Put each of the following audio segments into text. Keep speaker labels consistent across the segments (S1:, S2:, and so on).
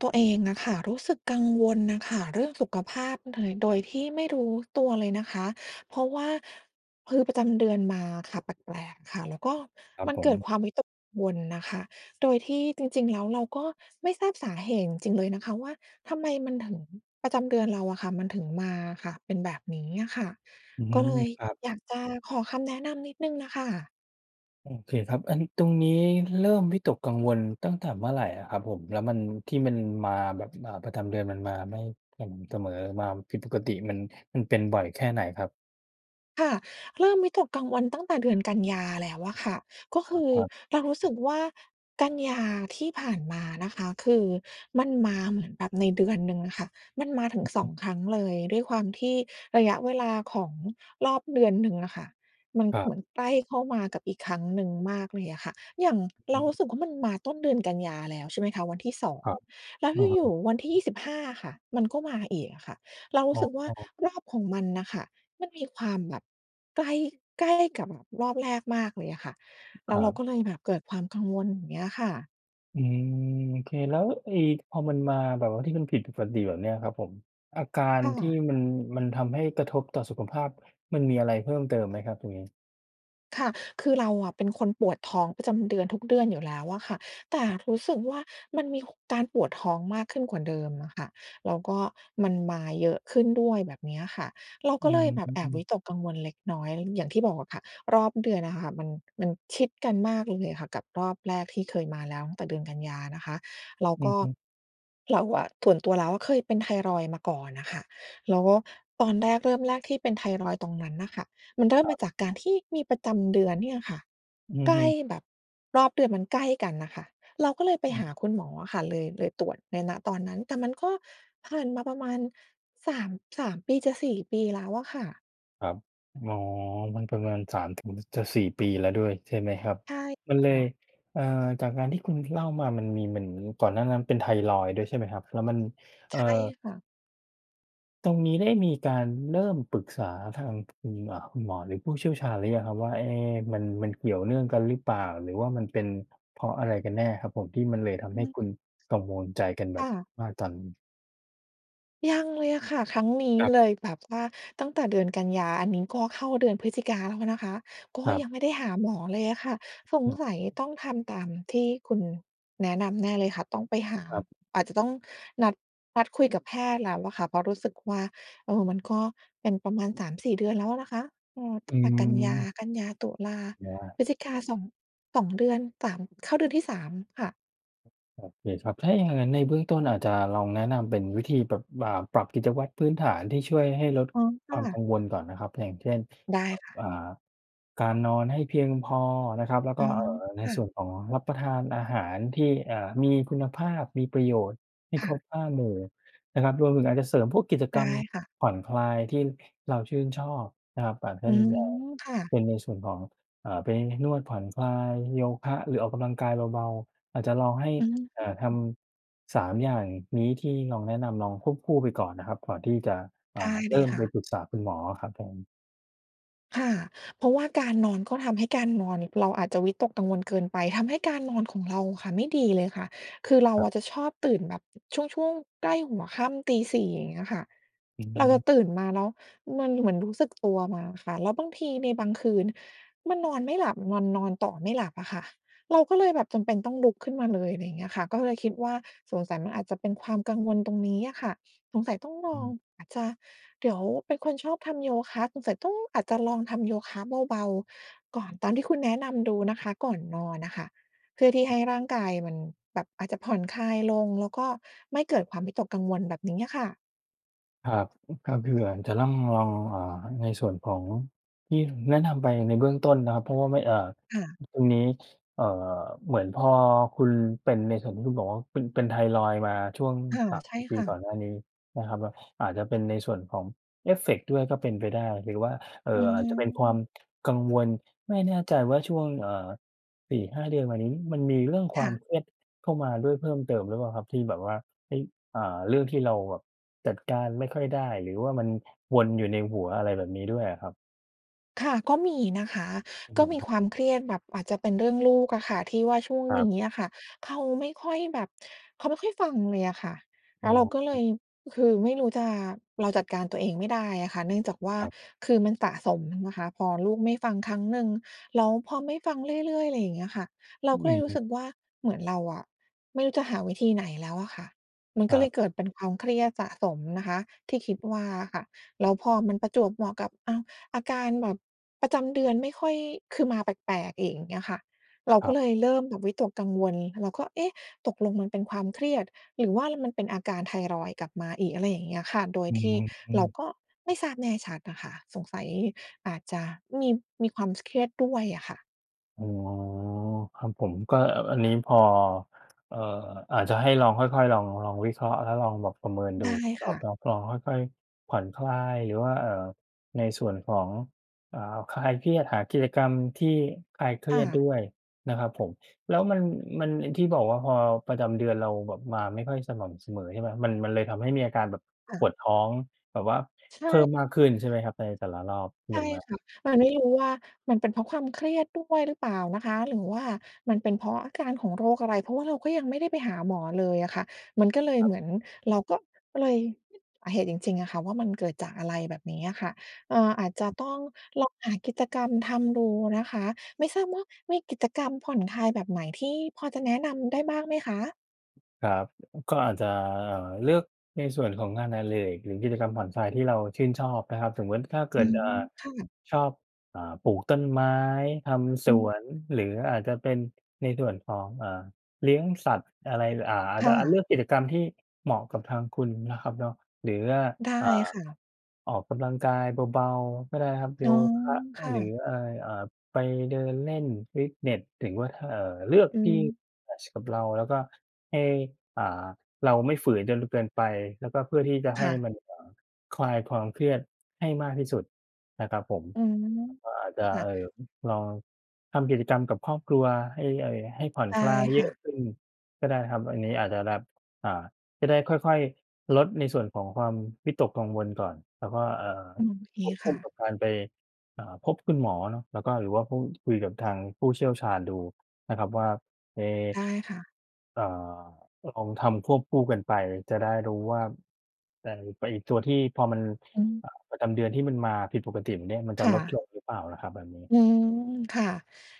S1: ตัวเองอะค่ะ รู้สึกกังวลน่ะค่ะ เรื่องสุขภาพ โดย โดยที่ไม่รู้ตัวเลยนะคะ เพราะว่า คือประจำเดือนมาค่ะ แปลก ๆ ค่ะ แล้วก็
S2: ครับ
S1: มัน
S2: ผ
S1: เก
S2: ม
S1: ิดความวิตกกังวลน่ะค่ะ โดยที่จริง ๆ แล้วเราก็ไม่ทราบสาเหตุจริง ๆ เลยนะคะว่า ทำไมมันถึง ประจำเดือนเราอะค่ะ มันถึงมาอะค่ะ เป็นแบบนี้อะค่ะ
S2: อื
S1: ก็
S2: ม
S1: เลย
S2: ครับ
S1: อยากจะขอคำแนะนำนิดหนึ่งน่ะค่ะ
S2: โอเคครับ อัน ตรงนี้เริ่มวิตกกังวลตั้งแต่เมื่อไหร่อะครับผม? แล้วมัน ที่มันมาแบบ อ่า ประจำเดือนมันมาไม่สม่ำเสมอ มาผิดปกติมัน มันเป็นบ่อยแค่ไหนครับ?
S1: ค่ะ เริ่มวิตกกลางวันตั้งแต่เดือนกันยาแล้วอะค่ะ ก็ค
S2: เออ
S1: ือ
S2: ครับ
S1: เรารู้สึกว่า กันยาที่ผ่านมานะคะ คือมันมาเหมือนแบบในเดือนหนึ่งอะค่ะ มันมาถึ
S2: อ
S1: ง
S2: ือฮ
S1: สอ
S2: ึ
S1: ง ครั้งเลย ด้วยความที่ระยะเวลาของรอบเดือนหนึ่งอะค่ะ มัน
S2: คร
S1: เ
S2: ับ
S1: หมือนใกล้เข้ามากับอีกครั้งหนึ่งมากเลยอะค่ะ อย่าง
S2: อ
S1: เร
S2: ื
S1: ารู
S2: ม
S1: ้สึกว่า มันมาต้นเดือนกันยาแล้ว ใช่ไหมคะ วันที่ 2
S2: ครับ
S1: แล้ว
S2: อือฮ
S1: อยู่
S2: ึ
S1: ๆ วันที่ 25 อะค่ะ มันก็มาอีกอะค่ะ เราร
S2: อ
S1: ู
S2: ๋
S1: ้สึกว่า
S2: อ
S1: รอบของมันน่ะค่ะ มันมีความแบบไกล ใกล้ กับแบบรอบแรกมากเลยอะค่ะ แ
S2: ค
S1: ล้
S2: ร
S1: ว
S2: ั
S1: เรา
S2: บ
S1: ก็เลยแบบเกิดความกังวล อย่างเงี้ยค่ะ
S2: อืม โอเค แล้วไอ้ พอมันมาแบบว่าที่มันผิดปกติแบบนี้อะครับผม อาการ
S1: ค่
S2: ที่
S1: ะ
S2: มัน มันทำให้กระทบต่อสุขภาพ มันมีอะไรเพิ่มเติมไหมครับตรงนี้?
S1: ค่ะ คือเราอะเป็นคนปวดท้องประจำเดือนทุกเดือนอยู่แล้วอะค่ะ แต่รู้สึกว่า มันมีการปวดท้องมากขึ้นกว่าเดิมอะค่ะ แล้วก็มันมาเยอะขึ้นด้วย แบบนี้อะค่ะ เรา
S2: อื
S1: ก็เลยแบบแอบวิ
S2: ม
S1: ตกกังวลเล็กน้อยเรื่อง อย่างที่บอกอะค่ะ รอบเดือนอะค่ะ มัน มันชิดกันมากเลยอะค่ะ กับรอบแรกที่เคยมาแล้ว ตั้งแต่เดือนกันยานะคะ เรา
S2: อื
S1: ก
S2: อ
S1: ็
S2: ฮึ
S1: เราอะส่วนตัวแล้ว เคยเป็นไทรอยด์มาก่อนอะค่ะ เราก็ ตอนแรกเริ่มแรกที่เป็นไทรอยด์ตรงนั้นน่ะค่ะ มันเริ่ม
S2: ครั
S1: มา
S2: บ
S1: จากการที่มีประจำเดือนเนี่ยค่ะ
S2: อื
S1: ใ
S2: อ
S1: ก
S2: ฮ
S1: ล้
S2: ึ
S1: แบบ รอบเดือนมันใกล้กันน่ะค่ะ เราก็เลยไป
S2: อ
S1: ห
S2: ื
S1: า
S2: ม
S1: คุณหมออะค่ะ เลย เลยตรวจใน ณ ตอนนั้น แต่มันก็ผ่านมาประมาณ 3- 3 ปีจะ 4 ปีแล้วอะค่ะ
S2: ครับ อ๋อ มันประมาณ 3 ถึง จะ 4 ปีแล้วด้วย ใช่ไหมครับ?
S1: ใช่
S2: มันเล
S1: ค
S2: ย
S1: ่ะ
S2: เอ่อ จากการที่คุณเล่ามา มันมีเหมือนก่อนหน้านั้นเป็นไทรอยด์ด้วย ใช่ไหมครับ? แล้วมัน เอ่
S1: ใช
S2: อ
S1: ่ค่ะ
S2: ตรงนี้ได้มีการเริ่มปรึกษาทาง คุณ อ่า คุณหมอ หรือผู้เชี่ยวชาญหรือยังครับว่า เอ๊ะ มัน มันเกี่ยวเนื่องกันหรือเปล่า หรือว่ามันเป็นเพราะอะไรกันแน่ครับผม ที่มันเลยท
S1: อ
S2: ำ
S1: ื
S2: ให้
S1: ม
S2: คุณกังวลใจกันแ
S1: ค
S2: บ
S1: ่
S2: บ
S1: ะ
S2: ว่า ตอน
S1: ยังเลยอะค่ะ ครั้งนี้
S2: ครับ
S1: เลย แบบว่าตั้งแต่เดือนกันยา อันนี้ก็เข้าเดือนพฤศจิกาแล้วนะคะ ก็
S2: ครับ
S1: ยังไม่ได้หาหมอเลยอะค่ะ สง
S2: อือ
S1: สัยต้องทำตามที่คุณแนะนำแน่เลยค่ะ ต้องไปหา
S2: ครับ
S1: อาจจะต้องนัด นัดคุยกับแพทย์แล้วอะค่ะ เพราะรู้สึกว่า เออ มันก็เป็นประมาณ 3-4 เดือนแล้วนะคะ เออ ต
S2: อ
S1: ั
S2: ื
S1: ้งแต่กันยา
S2: ม
S1: กันยา, ตุลา,
S2: มองว่า
S1: พฤศจิกา สอง 2 เดือน สาม เข้าเดือนที่ 3 ค่ะ
S2: โอเคครับ ถ้าอย่างงั้นในเบื้องต้นอาจจะลองแนะนำเป็นวิธีแบบ อ่า ปรับกิจวัตรพื้นฐานที่ช่วยให้ลด
S1: อ๋อ ค
S2: ค
S1: ่
S2: วามก
S1: ะ
S2: ังวลก่อนนะครับ อย่างเช่น
S1: ได้
S2: อ
S1: ค่ะ
S2: อ่า การนอนให้เพียงพอนะครับ แล้ว
S1: อ
S2: ก
S1: ๋
S2: ็
S1: อ
S2: เอ่อ ใน
S1: ค่
S2: ส
S1: ะ
S2: ่วนของรับประทานอาหารที่ อ่า มีคุณภาพ มีประโยชน์ ให้
S1: ค
S2: ค
S1: ่
S2: ร
S1: ะ
S2: บ 5 หมู่นะครับ รวมถึงอาจจะเสริมพวกกิจ
S1: ไ
S2: ก
S1: ด้
S2: รรม
S1: ค่ะ
S2: ผ่อนคลายที่เราชื่นชอบนะครับ อาจเป
S1: อ
S2: ็
S1: ื
S2: น เอ่อ
S1: ม ค่ะ
S2: เป็นในส่วนของ อ่า ไปนวดผ่อน คลาย โยคะ หรือออกกำลังกายเบา ๆ อาจจะลองให้
S1: อื
S2: อ่า ท
S1: ม
S2: ำ 3 อย่างนี้ที่ลองแนะนำ ลองควบคู่ไปก่อนนะครับ ก่อนที่จะ อ
S1: ได
S2: ่า
S1: ้
S2: เ
S1: เล
S2: ริ่
S1: ย
S2: ม
S1: ค
S2: ไป
S1: ่ะ
S2: ปรึกษาคุณหมออะครับผม
S1: ค่ะ เพราะว่าการนอน ก็ทำให้การนอน เราอาจจะวิตกกังวลเกินไป ทำให้การนอนของเราค่ะไม่ดีเลยค่ะ คือเรา
S2: ครับ
S1: อะจะชอบตื่นแบบช่วง ๆ ใกล้หัวค่ำตี 4 อย่างเงี้ยค่ะ
S2: อื
S1: เราจะ
S2: ม
S1: ตื่นมา แล้วมันเหมือนรู้สึกตัวมาค่ะ แล้วบางทีในบางคืน มันนอนไม่หลับ นอน นอนต่อไม่หลับอะค่ะ เราก็เลยแบบจำเป็นต้องลุกขึ้นมาเลย ไรอย่างเงี้ยค่ะ ก็เลยคิดว่า สงสัยมันอาจจะเป็นความกังวลตรงนี้อะค่ะ สงสัยต้องล
S2: อื
S1: อง
S2: ม
S1: อาจจะเดี๋ยว เป็นคนชอบทำโยคะ สงสัยต้อง อาจจะลองทำโยคะเบา ๆ ก่อน ตามที่คุณแนะนำดูนะคะ ก่อนนอนอะค่ะ เพื่อที่ให้ร่างกายมันแบบอาจจะผ่อนคลายลง แล้วก็ไม่เกิดความวิตกกังวล แบบนี้อะค่ะ
S2: ครับ อือ ถ้าเผื่อจะต้องลอง อ่า ในส่วนของที่แนะนำไปในเบื้องต้นนะครับ เพราะว่าไม่ เอ่อ
S1: ค่ะ
S2: ตรงนี้ เอ่อ เหมือนพอคุณเป็นในส่วนที่คุณบอกว่าเป็น เป็นไทรอยด์ มาช่วง
S1: ค่ะ
S2: สาม
S1: ใช
S2: ส
S1: ่
S2: ี่ ปี
S1: ค่
S2: ก่อ
S1: ะ
S2: นหน้านี้นะครับเนาะ อาจจะเป็นในส่วนของเอฟเฟกต์ด้วยก็เป็นไปได้ หรือว่า เอ
S1: อ
S2: ่
S1: ื
S2: อ อาจจะเป็นความ
S1: ม
S2: กังวล ไม่แน่ใจว่า ช่วง เอ่อ 4-5 เดือนมานี้ มันมีเรื่องค
S1: ค
S2: วา
S1: ่
S2: ม
S1: ะ
S2: เครียดเข้ามาด้วยเพิ่มเติมหรือเปล่าครับ? ที่แบบว่า เอ๊ย อ่า เรื่องที่เราแบบจัดการไม่ค่อยได้ หรือว่ามันวนอยู่ในหัว อะไรแบบนี้ด้วยอะครับ
S1: ค่ะ ก็มีนะคะ
S2: อื้อ
S1: ก
S2: ฮ
S1: ็
S2: ือ
S1: มี
S2: ครับ
S1: ความเครียดแบบอาจจะเป็นเรื่องลูกอะค่ะที่ว่าช่วง
S2: ครั
S1: น
S2: บ
S1: ี้อะค่ะ เขาไม่ค่อยแบบ เขาไม่ค่อยฟังเลยอะค่ะ
S2: อ
S1: แล
S2: ๋
S1: ้วเราก็เล
S2: อ
S1: ย คือไม่รู้จะ เราจัดการตัวเองไม่ได้อะค่ะ เนื่องจากว่า
S2: ครับ
S1: คือมันสะสมนะคะ พอลูกไม่ฟังครั้งหนึ่ง แล้วพอไม่ฟังเรื่อย ๆ ไรอย่างเงี้ยค่ะ เรา
S2: อื
S1: ก็เล
S2: อ
S1: ยร
S2: ฮ
S1: ู้
S2: ึ
S1: สึกว่า เหมือนเราอะไม่รู้จะหาวิธีไหนแล้วอะค่ะ มัน
S2: ค
S1: ก
S2: ร
S1: ็
S2: ั
S1: เล
S2: บ
S1: ยเกิดเป็นความเครียดสะสมนะคะที่คิดว่าอะค่ะ แล้วพอมันประจวบเหมาะกับ อ้าว อาการแบบประจำเดือนไม่ค่อย คือมาแปลก ๆ อีก อย่างเงี้ยค่ะ เรา
S2: คร
S1: ก
S2: ั
S1: ็
S2: บ
S1: เลยเริ่มแบบวิตกกังวล เราก็ เอ๊ะ ตกลงมันเป็นความเครียด หรือว่ามันเป็นอาการไทรอยด์กลับมาอีก อะไรอย่างเงี้ยค่ะ โดย
S2: อื
S1: ที่
S2: อ อื
S1: เรา
S2: ม
S1: ก็ไม่ทราบแน่ชัดอะค่ะ สงสัยอาจจะมี มีความ ส เครียดด้วยอะค่ะ
S2: อ๋อ ครับผม ก็ เอ่อ อันนี้พอ เอ่อ อาจจะให้ลองค่อย ๆ ลอง ลองวิเคราะห์ แล้วลองแบบประเมินดู
S1: ได้
S2: เนา
S1: ค
S2: ะ
S1: ่ะ
S2: ครับเนาะ ลองค่อย ๆ ผ่อนคลาย หรือว่า เอ่อ ในส่วนของ อ่า คลายเครียด หากิจกรรมที่คลายเคร
S1: ค
S2: ี
S1: ่
S2: ยด
S1: ะ
S2: ด้วยนะครับผม แล้วมัน มัน ไอ้ที่บอกว่าพอประจำเดือนเราแบบ มาไม่ค่อยสม่ำเสมอ ใช่เปล่า มัน มันเลยทำให้มีอาการแบบ
S1: ค่
S2: ป
S1: ะ
S2: วดท้องแบบว่า
S1: ใช
S2: เพิ่ม
S1: ่
S2: มากขึ้นใช่ไหมครับ? ในแต่ละรอบ เ
S1: ใ
S2: ห
S1: ช
S2: มื
S1: ่
S2: อนแบบ
S1: ค่ะ มันไม่รู้ว่ามันเป็นเพราะความเครียดด้วยหรือเปล่านะคะ หรือว่ามันเป็นเพราะอาการของโรคอะไร เพราะว่าเราก็ยังไม่ได้ไปหาหมอเลยอะค่ะ มันก็เลย
S2: ครั
S1: เ
S2: บ
S1: หมือนเราก็ ก็เลย สาเหตุจริง ๆ อะค่ะว่ามันเกิดจากอะไร แบบนี้อะค่ะ เอ่อ อาจจะต้องลองหากิจกรรมทำดูนะคะ ไม่ทราบว่ามีกิจกรรมผ่อนคลายแบบไหนที่พอจะแนะนำได้บ้างไหมคะ?
S2: ครับ อ ก็อาจจะ เอ่อ เลือกในส่วนของงานอดิเรก หรือกิจกรรมผ่อนคลายที่เราชื่นชอบนะครับ สมมุติ ถ้าเก
S1: อื
S2: ิด เอ่
S1: ม
S2: อ
S1: ค่ะ
S2: ชอบ อ่า ปลูกต้นไม้ ทำ
S1: อ
S2: ส
S1: ื
S2: ว
S1: ม
S2: น หรืออาจจะเป็นในด่วนของ อ่า เลี้ยงสัตว์ อะไร อ่า อาจ
S1: ค
S2: จ
S1: ่
S2: ะ อา เลื
S1: ะ
S2: อกกิจกรรมที่เหมาะกับทางคุณนะครับเนาะ หรือว่า
S1: ได้
S2: อ่า
S1: ค่ะ
S2: ออกกำลังกายเบา ๆ ก็ได้ครับ
S1: อ
S2: โย
S1: ๋อ
S2: คะ
S1: ค่
S2: หรื
S1: ะ
S2: ออะไร อ่า ไปเดินเล่น ฟิตเนส ถึงว่า ท เอ่อ เลือก
S1: อื
S2: ที่
S1: ม
S2: แมตช์กับเรา แล้วก็ให้ อ่า เราไม่ฝืนจนเกินไป แล้วก็เพื่อที่จะใ
S1: ค
S2: ห้
S1: ่
S2: ม
S1: ะ
S2: ัน อ่า คลายความเครียดให้มากที่สุดนะครับผม
S1: อืม
S2: มันก็อาจจ
S1: ค
S2: ะ
S1: ่
S2: เอ
S1: ะ
S2: ่อ อืม ลอง ทำกิจกรรมกับครอบครัวให้ ไอ้ ให้ผ่อน
S1: ได้
S2: คลายเย
S1: ค่
S2: อะ
S1: ะ
S2: ขึ้นก็ได้นะครับ อันนี้อาจจะแบบ อ่า จะได้ค่อย ๆ ลดในส่วนของความวิตกกังวลก่อน แล้วก็ อ่า
S1: อืม เค
S2: ควบค
S1: ค
S2: ู
S1: ่
S2: ่ก
S1: ะ
S2: ับการไป อ่า พบคุณหมอเนาะ แล้วก็ หรือว่าพูดคุยกับทางผู้เชี่ยวชาญดูนะครับว่า ไอ้
S1: ได้ค่ะ
S2: เอ่อ ลองทำควบคู่กันไปจะได้รู้ว่า ไต ไปไอ้ตัวที่พอมัน
S1: อืม
S2: อ่า ประจำเดือนที่มันมาผิดปกติแบบเนี้ย มันจ
S1: ค
S2: ะ
S1: ่
S2: ลด
S1: ะ
S2: ลงหรือเปล่านะครับ แบบนี้
S1: อืม ค่ะ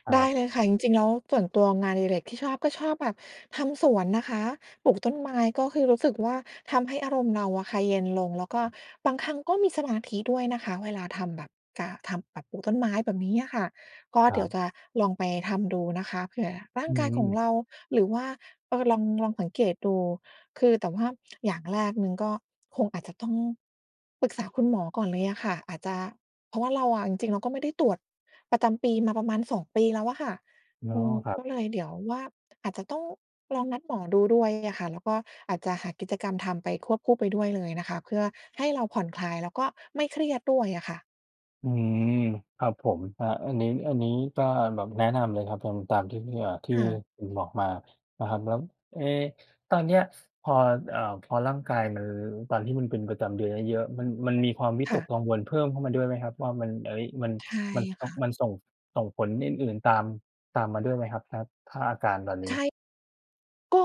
S2: คร
S1: ได้
S2: ับ
S1: เลยค่ะ จริง ๆ แล้วส่วนตัวงานอดิเรกที่ชอบ ก็ชอบแบบทำสวนนะคะ ปลูกต้นไม้ ก็คือรู้สึกว่า ทำให้อารมณ์เราอะค่ะเย็นลง แล้วก็บางครั้งก็มีสมาธิด้วยนะคะ เวลาทำแบบ กา ทำแบบปลูกต้นไม้ แบบนี้อะค่ะ ก็
S2: คร
S1: เ
S2: ั
S1: ดี๋ยว
S2: บ
S1: จะลองไปทำดูนะคะ เผื่อร่า
S2: อื
S1: งกายขอ
S2: อ
S1: ง
S2: ๆ
S1: เรา หรือว่า เออ ลอง ลองสังเกตดู คือ แต่ว่าอย่างแรกหนึ่งก็ คงอาจจะต้อง ปรึกษาคุณหมอก่อนเลยอะค่ะ อาจจะ เพราะว่าเราอะ จริง ๆ เราก็ไม่ได้ตรวจประจำปีมาประมาณ 2 ปีแล้วอะค่ะ
S2: อ๋อ
S1: อือ
S2: ครั
S1: ก
S2: บ
S1: ็เลยเดี๋ยวว่า อาจจะต้องลองนัดหมอดูด้วย งี้อะค่ะ แล้วก็อาจจะหากิจกรรมทำไป ควบคู่ไปด้วยเลยนะคะ เพื่อให้เราผ่อนคลาย แล้วก็ไม่เครียดด้วยอะค่ะ
S2: อืม ครับผม ครับ อันนี้ อันนี้ก็ อ่า แบบแนะนำเลยครับ ทำตามที่พี่ เอ่อ ที่
S1: ค่ะ
S2: คุณบอกมานะครับ แล้ว เอ๊ะ ตอนเนี้ย ส พอ เอ่อ พอร่างกายมัน ตอนที่มันเป็นประจำเดือนเยอะ ๆ มัน มันมีความวิ
S1: ค
S2: ต
S1: ่
S2: ก
S1: ะ
S2: กังวลเพิ่มเข้ามาด้วยไหมครับ? ว่ามัน เอ๊ย มัน
S1: ใช่
S2: มันซ
S1: ค
S2: บ
S1: ่ะ
S2: มันส่ง ส่งผลอื่น ๆ ตาม ตามมาด้วยไหมครับ ครับ ถ้าอาการตอนนี
S1: ใช
S2: ้?
S1: ่ ก็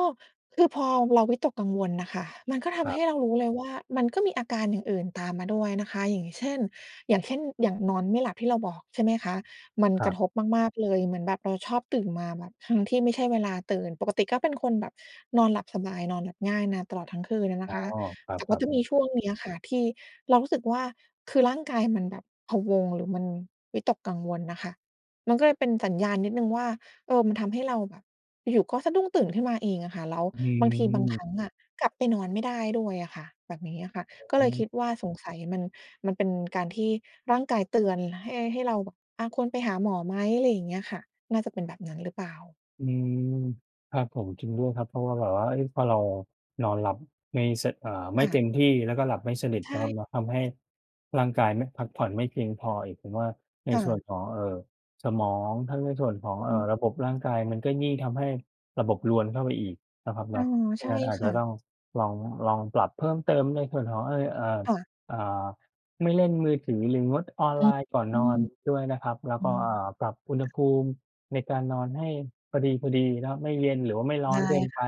S1: คือพอเราวิตกกังวลน่ะค่ะ มันก็ท
S2: คร
S1: ำใ
S2: ั
S1: ห
S2: บ
S1: ้เรารู้เลยว่า มันก็มีอาการอย่างอื่นตามมาด้วยนะคะ อย่างเช่น อย่างเช่น อย่างนอนไม่หลับที่เราบอก ใช่ไหมคะ มัน
S2: คร
S1: ก
S2: ั
S1: ระ
S2: บ
S1: ทบมาก ๆ เลย เหมือนแบบเราชอบตื่นมาแบบทั้งที่ไม่ใช่เวลาตื่น ปกติก็เป็นคนแบบนอนหลับสบาย นอนหลับง่ายนานตลอดทั้งคืนอะน
S2: อ๋
S1: ะ
S2: อ
S1: คะ
S2: ค
S1: แต่ว
S2: ร
S1: ่
S2: ั
S1: า
S2: บ
S1: จ
S2: ๆ
S1: ะ
S2: อื
S1: มี
S2: อ
S1: ช่วงนี้อะค่ะที่เรารู้สึกว่า คือร่างกายมันแบบพะวง หรือมันวิตกกังวลน่ะค่ะ มันก็เลยเป็นสัญญาณนิดหนึ่งว่า เออ มันทำให้เราแบบ อยู่ ๆ ก็สะดุ้งตื่นขึ้นมาเองอะค่ะ แล้ว
S2: อื
S1: บางทีบางคร
S2: ม
S1: ั้งอะกลับไปนอนไม่ได้ด้วยอะค่ะ แบบนี้อะค่ะ ก็
S2: อ
S1: เล
S2: ้
S1: ยค
S2: อ
S1: ิดว่าสงสัยมัน มันเป็นการที่ร่างกายเตือนให้ ให้เราแบบ อา ควรไปหาหมอไหม อะไรอย่างเงี้ยค่ะ น่าจะเป็นแบบนั้นหรือเปล่า?
S2: อืม ครับผม จริงด้วยครับ เพราะว่าแบบว่า เอ๊ย พอเรานอนหลับไม่ ส เอ่อ ไ
S1: ค
S2: ม่
S1: ่
S2: เต็
S1: ะ
S2: มที่ แล้วก็หลับไม่สนิท
S1: ใช
S2: เนาะครั
S1: ่
S2: บเนาะ ทำให้ร่างกายไม่ พักผ่อนไม่เพียงพออีก ผมว่าใน
S1: ค่
S2: ส่วน
S1: ะ
S2: ของ เอ่อ สมอง ทั้งในส่วนของ
S1: อ
S2: เอ่
S1: ือ
S2: อ ระบบร่างกาย มันก็ยิ่งทำให้ระบบรวนเข้าไปอีกนะครับเ
S1: อ
S2: น
S1: ๋
S2: า
S1: อ
S2: ะ เพรา
S1: ใช
S2: ะ
S1: ่
S2: งั้นอาจ
S1: ค
S2: จ
S1: ่
S2: ะ
S1: ะ
S2: ต้องลอง ลองปรับเพิ่มเติมในส่วนของ เอ๊ย อ่า
S1: ค่ะ
S2: อ่า ไม่เล่นมือถือ หรืองดออน
S1: อ อื
S2: ไล
S1: ม
S2: น์ก่อนนอนด้วยนะครับ แล้ว
S1: อื
S2: ก็
S1: ม
S2: อ่า ปรับอุณห
S1: ค่ะ
S2: ภูมิในการนอนให้พอดี ๆ นะครับ ไม่เย็นหรือว่าไม่ร้
S1: ไ
S2: อ
S1: ด้
S2: นเกิน
S1: ค
S2: ไป
S1: ่ะ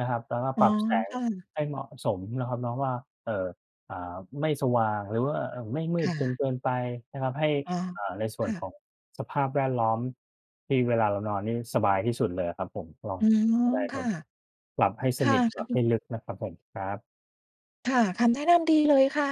S2: นะครับ แล้วก็
S1: อ๋
S2: ป
S1: อ
S2: รับแสง
S1: ค่ะ
S2: ให้เหมาะสมเนาะครับเนาะว่า เอ่อ อ่า ไม่สว่างหรือว่า เอ่อ ไม่มื
S1: ค
S2: ด
S1: ่
S2: จน
S1: ะ
S2: เกินไปนะครับ ให้
S1: อา
S2: เอ่อ ในส่
S1: ค
S2: วน
S1: ่
S2: ขอ
S1: ะ
S2: งสภาพแวดล้อมที่เวลาเรานอนนี่สบายที่สุดเลยอะครับผม ลอง
S1: อือ
S2: ก็ได้
S1: ค
S2: คร
S1: ่
S2: ั
S1: ะ
S2: บ หลับให้
S1: ค
S2: ส
S1: ่ะ
S2: นิท หลับให้ลึกนะครับผม ครับ
S1: ค่ะ คำแนะนำดีเลยค่ะ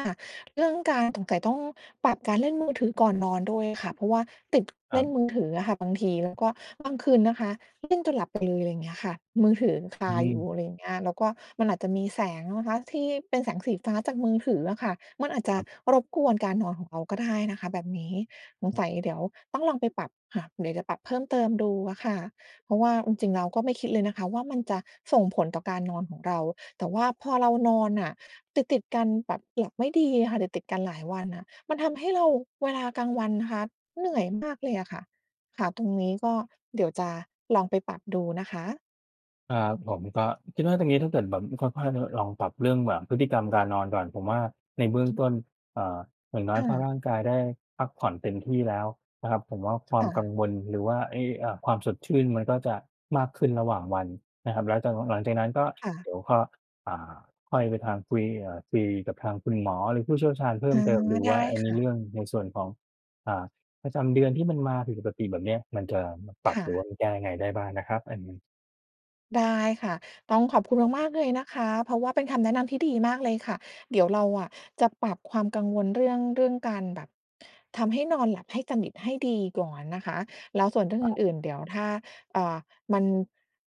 S1: เรื่องการ สงสัยต้องปรับการเล่นมือถือก่อนนอนด้วยค่ะ เพราะว่าติด
S2: ค
S1: เ
S2: ร
S1: ล
S2: ั
S1: ่
S2: บ
S1: นมือถืออะค่ะบางที แล้วก็บางคืนนะคะเล่นจนหลับไปเลย อย่างเงี้ยค่ะ มือถือยังค
S2: อื
S1: าอยู่
S2: ม
S1: อะไรอย่างเงี้ย แล้วก็มันอาจจะมีแสงนะคะที่เป็นแสงสีฟ้าจากมือถืออะค่ะ มันอาจจ
S2: ค
S1: ะ
S2: รับ
S1: รบกวนการนอนของเราก็ได้นะคะแบบนี้ สง
S2: อ
S1: ส
S2: ือ
S1: ัยเดี๋ยวต้องลองไปปรับค่ะ เดี๋ยวจะปรับเพิ่มเติมดูอะค่ะ เพราะว่าจริง ๆ เราก็ไม่คิดเลยนะคะว่า มันจะส่งผลต่อการนอนของเรา แต่ว่าพอเรานอนน่ะ ติด ๆ กัน แบบหลับไม่ดีอะค่ะ ติด ๆ กันหลายวันน่ะ มันทำให้เราเวลากลางวันนะคะ เหนื่อยมากเลยอะค่ะ ค่ะ ตรงนี้ก็เดี๋ยวจะลองไปปรับดูนะคะ
S2: ครับผม ก็คิดว่าตรงนี้ถ้าเกิดแบบค่อย ๆ ลองปรับเรื่องแบบพฤติกรรมการนอนก่อน ผมว่าในเบื้องต้น อ่า อย่างน้อ
S1: ค
S2: ย
S1: ่
S2: ถ้าร
S1: ะ
S2: ่างกายได้พักผ่อนเต็มที่แล้วนะครับ ผมว่าควา
S1: ค
S2: ม
S1: ่
S2: กั
S1: ะ
S2: งวลหรือว่าไอ้ อ่า ความสดชื่นมันก็จะมากขึ้นระหว่างวันนะครับ แล้วจะ หลังจากนั้นก็
S1: ค่
S2: เ
S1: ะ
S2: ดี๋ยวก็ อ่า ค่อยไปทางคุย อ่า คุยกับทางคุณหมอ หรือผู้เชี่ยวชาญเพิ่
S1: อ๋อ
S2: มเติมดู
S1: ได้
S2: ว่า อ่า ใ
S1: ค
S2: น
S1: ่
S2: เรื
S1: ะ
S2: ่อง ในส่วนของ อ่า ประจำเดือนที่มันมาผิดปกติแบบเนี้ย มันจะปร
S1: ค
S2: ับ
S1: ่
S2: หรือว่า
S1: ะ
S2: มันแก้ยังไงได้บ้างนะครับอันนี้
S1: ได้ค่ะ ต้องขอบคุณ
S2: ค
S1: ม
S2: รับ
S1: าก ๆ เลยนะคะ เพราะว่าเป็นคำแนะนำที่ดีมากเลยค่ะ เดี๋ยวเราอะจะปรับความกังวลเรื่อง เรื่องการแบบ ทำให้นอนหลับให้สนิทให้ดีก่อนนะคะ แล้วส่วนเรื่อง
S2: ค
S1: อ
S2: รับ
S1: ื่น ๆ เดี๋ยวถ้า อ่า มัน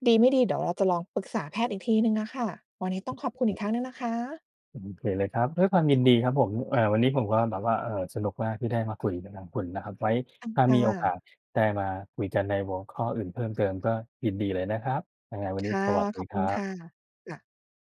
S1: ดีไม่ดีเดี๋ยวเราจะลองปรึกษาแพทย์อีกทีหนึ่งอะค่ะ วันนี้ต้องขอบคุณอีกครั้งหนึ่งนะคะ
S2: โอเคเลยครับ ด้วยความยินดีครับผม เอ่อ วันนี้ผมก็แบบว่า เอ่อ สนุกมากที่ได้มาคุยกับทางคุณนะครับ ไว้ถ้า
S1: ค่
S2: มีโอกา
S1: ะ
S2: สได้มาคุยกันในหัวข้ออื่นเพิ่มเติมก็ยินดีเลยนะครับ ยังไงวั
S1: ค
S2: นนี้
S1: ่ะ
S2: สวัสด
S1: ข
S2: ี
S1: อบ
S2: ค
S1: คุ
S2: รั
S1: ณค
S2: บ
S1: ่ะ ค่ะ